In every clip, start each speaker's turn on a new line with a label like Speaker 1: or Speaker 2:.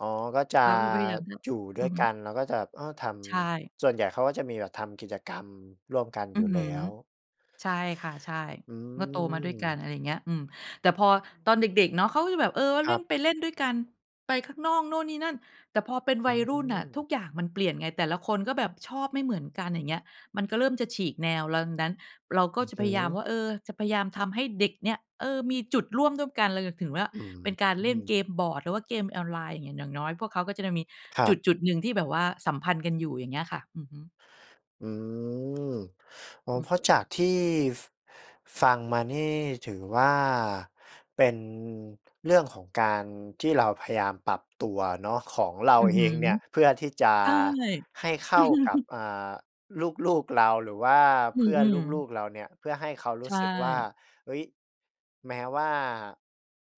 Speaker 1: อ๋อ ก็จะ
Speaker 2: เราก็พยายามจะ
Speaker 1: อยู่ด้
Speaker 2: อื
Speaker 1: ว
Speaker 2: อ
Speaker 1: ย
Speaker 2: ฮ
Speaker 1: ก
Speaker 2: ึ
Speaker 1: ัน แล้วก็จะ อ้อ ท
Speaker 2: ใช่
Speaker 1: ำ ส่วนใหญ่เขาก็จะมีแบบทำกิจกรรมร่วมกันอ
Speaker 2: อ
Speaker 1: ยู
Speaker 2: ื
Speaker 1: ่
Speaker 2: อฮ
Speaker 1: แล
Speaker 2: ึ
Speaker 1: ้ว
Speaker 2: ใช่ค่ะ ใช่
Speaker 1: อื
Speaker 2: ก็โตมาด้วยกัน
Speaker 1: ม
Speaker 2: อะไรอย่างเงี้ย อืม แต่พอตอนเด็ก ๆ เนาะ เขาก็จะแบบ เอ่อ
Speaker 1: ค
Speaker 2: เล
Speaker 1: รั
Speaker 2: ่น
Speaker 1: บ
Speaker 2: ไปเล่นด้วยกัน ไปข้างนอก นู่นนี่นั่น แต่พอเป็น
Speaker 1: อ
Speaker 2: ว
Speaker 1: ื
Speaker 2: ัยรุ่นน่ะทุ
Speaker 1: ม
Speaker 2: กอย่างมันเปลี่ยนไง แต่ละคนก็แบบชอบไม่เหมือนกัน อย่างเงี้ย มันก็เริ่มจะฉีกแนวแล้ว ดังนั้น เราก
Speaker 1: อ
Speaker 2: ็
Speaker 1: ือ
Speaker 2: จะ
Speaker 1: ฮ
Speaker 2: พ
Speaker 1: ึ
Speaker 2: ยายามว่า เอ่อ จะพยายามทำให้เด็กเนี่ย เออ มีจุดร่วมด้วยกัน เลย ก ถึงว่า
Speaker 1: อื
Speaker 2: เป็นการเล่นเ
Speaker 1: ม
Speaker 2: กมบอร์ดหรือว่าเกมออนไลน์เนี่ย อย่างน้อยพวกเขาก็จะ ด มี
Speaker 1: คร
Speaker 2: จ
Speaker 1: ับ
Speaker 2: ุด ๆ หนึ่งที่แบบว่าสัมพันธ์กันอยู่ อย่างเงี้ยค่ะ อือฮึ
Speaker 1: อืม อ๋อ
Speaker 2: อื
Speaker 1: เ
Speaker 2: ม
Speaker 1: พราะจากที่ ฟ ฟังมานี่ ถือว่าเป็น เรื่องของการที่เราพยายามปรับ ตัวเนาะ ของเรา
Speaker 2: อือ
Speaker 1: เอ
Speaker 2: ฮึ
Speaker 1: งเนี่ยเพื่อที่จะ
Speaker 2: ใช่
Speaker 1: ให้เข้ากับ อ่า ลูก ๆ เรา หรือว่า
Speaker 2: อื
Speaker 1: เพื่อน
Speaker 2: ม
Speaker 1: ลู
Speaker 2: ๆ
Speaker 1: ก ๆ เราเนี่ย เพื่อให้เขาร
Speaker 2: ใ
Speaker 1: ู
Speaker 2: ช
Speaker 1: ้สึกว่า
Speaker 2: ่
Speaker 1: เฮ้ย แม้ว่า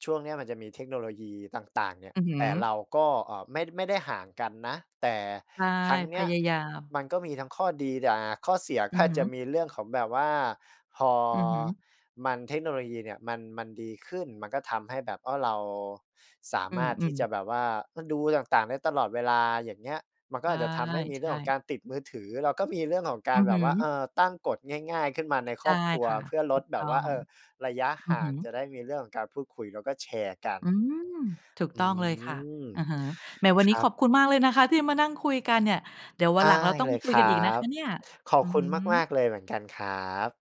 Speaker 1: ช่วงนี้มันจะมีเทคโนโลยีต่าง ๆ เนี่ย
Speaker 2: อือฮ
Speaker 1: แ
Speaker 2: ึ
Speaker 1: ต่เราก็ อ่า ไม่ ไม่ได้ห่างกันนะ แต่
Speaker 2: ใช่
Speaker 1: ครั้งเน
Speaker 2: พ
Speaker 1: ี้ย
Speaker 2: ยายาม
Speaker 1: มันก็มีทั้งข้อดี อา ข้อเสียก
Speaker 2: อ
Speaker 1: ็
Speaker 2: ือ
Speaker 1: อาจ
Speaker 2: ฮึ
Speaker 1: จะมีเรื่องของแบบว่า พอ
Speaker 2: อือฮึ
Speaker 1: มัน เทคโนโลยีเนี่ยมัน มันดีขึ้นมันก็ทำให้แบบว่าเราสา
Speaker 2: อื
Speaker 1: มารถที่
Speaker 2: ม
Speaker 1: จะ
Speaker 2: ๆ
Speaker 1: แบบว่า ก็ดูต่าง ๆ ได้ตลอดเวลา อย่างเงี้ย มันก
Speaker 2: ใ
Speaker 1: ็
Speaker 2: ช
Speaker 1: อ
Speaker 2: ่
Speaker 1: าจจะทำให้มี
Speaker 2: ใ
Speaker 1: เ
Speaker 2: ช
Speaker 1: รื่องของก
Speaker 2: ่
Speaker 1: ารติดมือถือ เราก็มีเรื่องของกา
Speaker 2: อื
Speaker 1: ร
Speaker 2: อ
Speaker 1: แบ
Speaker 2: ฮ
Speaker 1: บว่า เอ
Speaker 2: ึ
Speaker 1: ่อ ตั้งกฎง่าย ๆ ขึ้นมาใน
Speaker 2: ใ
Speaker 1: ค
Speaker 2: ช
Speaker 1: ร
Speaker 2: ่
Speaker 1: อบครัว
Speaker 2: ค่ะ
Speaker 1: เพื่อล
Speaker 2: ถู
Speaker 1: ด
Speaker 2: ก
Speaker 1: แบ
Speaker 2: ต้
Speaker 1: บ
Speaker 2: อ
Speaker 1: ว่า เ
Speaker 2: ง
Speaker 1: อ่อ ระยะ
Speaker 2: อื
Speaker 1: ห
Speaker 2: อ
Speaker 1: ่า
Speaker 2: ฮ
Speaker 1: งจ
Speaker 2: ึ
Speaker 1: ะได้มีเรื่องของการพูดคุยแล้วก็แชร์กัน
Speaker 2: อืม ถูก
Speaker 1: อื
Speaker 2: ต้องเลยค่ะ
Speaker 1: ม
Speaker 2: อะฮะ แหม วัน
Speaker 1: ค
Speaker 2: นี
Speaker 1: ร
Speaker 2: ้
Speaker 1: ั
Speaker 2: ข
Speaker 1: บ
Speaker 2: อบคุณมากเลยนะคะ ที่มานั่งคุยกันเนี่ย เดี๋ยวว
Speaker 1: ไ
Speaker 2: ัน
Speaker 1: ด
Speaker 2: หลั
Speaker 1: ้
Speaker 2: งเราต้อ
Speaker 1: เ
Speaker 2: ง
Speaker 1: ล
Speaker 2: ม
Speaker 1: ย
Speaker 2: าคุ
Speaker 1: ค
Speaker 2: ย
Speaker 1: ร
Speaker 2: ก
Speaker 1: ั
Speaker 2: ันอีกนะค
Speaker 1: บ
Speaker 2: ะเนี่ย
Speaker 1: ขอ
Speaker 2: อ
Speaker 1: บ
Speaker 2: ือ
Speaker 1: คุ
Speaker 2: ฮ
Speaker 1: ณมา
Speaker 2: ึ
Speaker 1: ก ๆ เลยเหมือนกันครับ